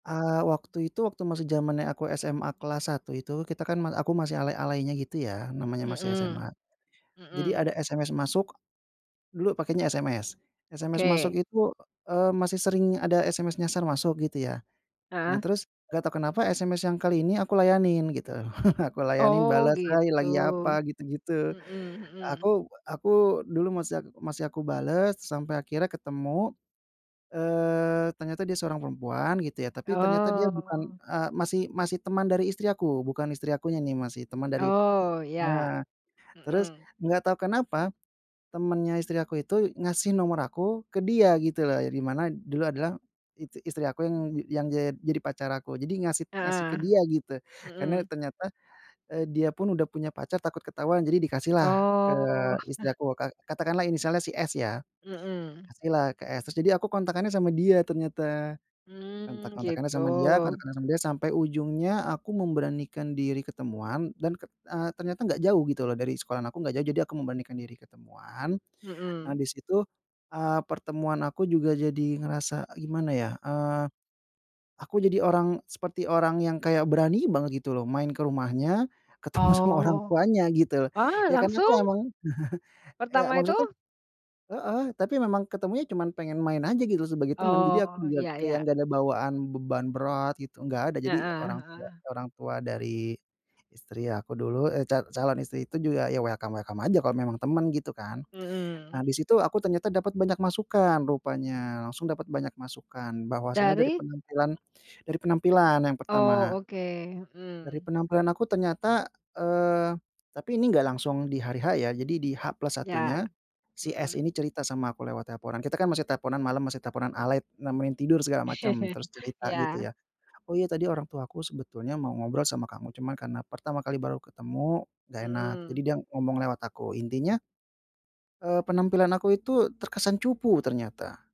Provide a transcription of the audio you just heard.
Eee, waktu itu waktu masih zamannya aku SMA kelas 1 itu, kita kan mal aku masih alay-alaynya, gitu ya, namanya masih Mhm, SMA jadi mhm. ada SMS masuk dulu pakainya SMS. SMS Oke. masuk itu, eee, masih sering ada SMS nyasar masuk, gitu ya. Nah, Heeh. terus nggak tahu kenapa, SMS yang kali ini aku layanin gitu, aku layanin, Oh, bales, "Hai, gitu, lagi apa?" gitu-gitu. mhm mhm. Aku aku dulu masih masih aku bales, sampai akhirnya ketemu, eee, ternyata dia seorang perempuan, gitu ya, tapi ternyata dia bukan, Oh. eee, masih masih teman dari istri aku, bukan istri akunya nih, masih teman dari Oh, ya, nah, terus mhm. nggak tahu kenapa, temennya aku itu ngasih nomor aku ke dia, gitu loh, dari mana dulu adalah i istri aku yang yang jad jadi pacar aku jadi ngasih ngasih ke Heeh, dia gitu, karena mhm. ternyata, eee, dia pun udah punya pacar takut ketahuan, jadi dikasih lah ke Oh. istri aku. Kat katakanlah inisialnya si S, ya Mhm. Kasihlah ke S, terus jadi aku kontakannya sama dia ternyata, Mmm, kontak-kontakkannya gitu. sama dia, kontakan sama dia, sampai ujungnya aku memberanikan diri ketemuan dan, eee, ternyata enggak jauh, gitu loh, dari sekolahan aku enggak jauh, jadi aku memberanikan diri ketemuan, Mhm. habis itu, eee, pertemuan aku juga jadi ngerasa gimana ya, eee, aku jadi orang seperti orang yang kayak berani banget, gitu loh, main ke rumahnya, ketemu sama orang Oh, tuanya, gitu. wah, Ya, kan itu langsung? emang ya Pertama itu? maksudnya heeh, tapi memang ketemunya cuman pengen main aja, gitu, sebagai teman, jadi aku Oh, juga ya kayak ya. nggak ada bawaan beban berat gitu, nggak ada, jadi Heeh, orang tua heeh. orang tua dari istri aku dulu, eh, ca calon istri itu juga ya, welcome-welcome aja kalau memang teman, gitu kan. Nah, Mhm. di situ aku ternyata dapat banyak masukan, rupanya langsung dapat banyak masukan, bahwasanya dari Dari? penampilan dari penampilan yang Oh, pertama. oke, Dari mhm. penampilan aku ternyata, eee, tapi ini enggak langsung di hari H ya, jadi di H plus Ya, satunya, si S mhm. ini cerita sama aku lewat teleponan, kita kan masih teleponan malam, masih teleponan alay nemenin tidur segala macam, terus cerita, gitu Ya. ya, "Oh, iya, tadi orang tuaku sebetulnya mau ngobrol sama kamu, cuman karena pertama kali baru ketemu nggak enak, jadi Mhm. dia ngomong lewat aku." Intinya, eee, penampilan aku itu terkesan cupu ternyata.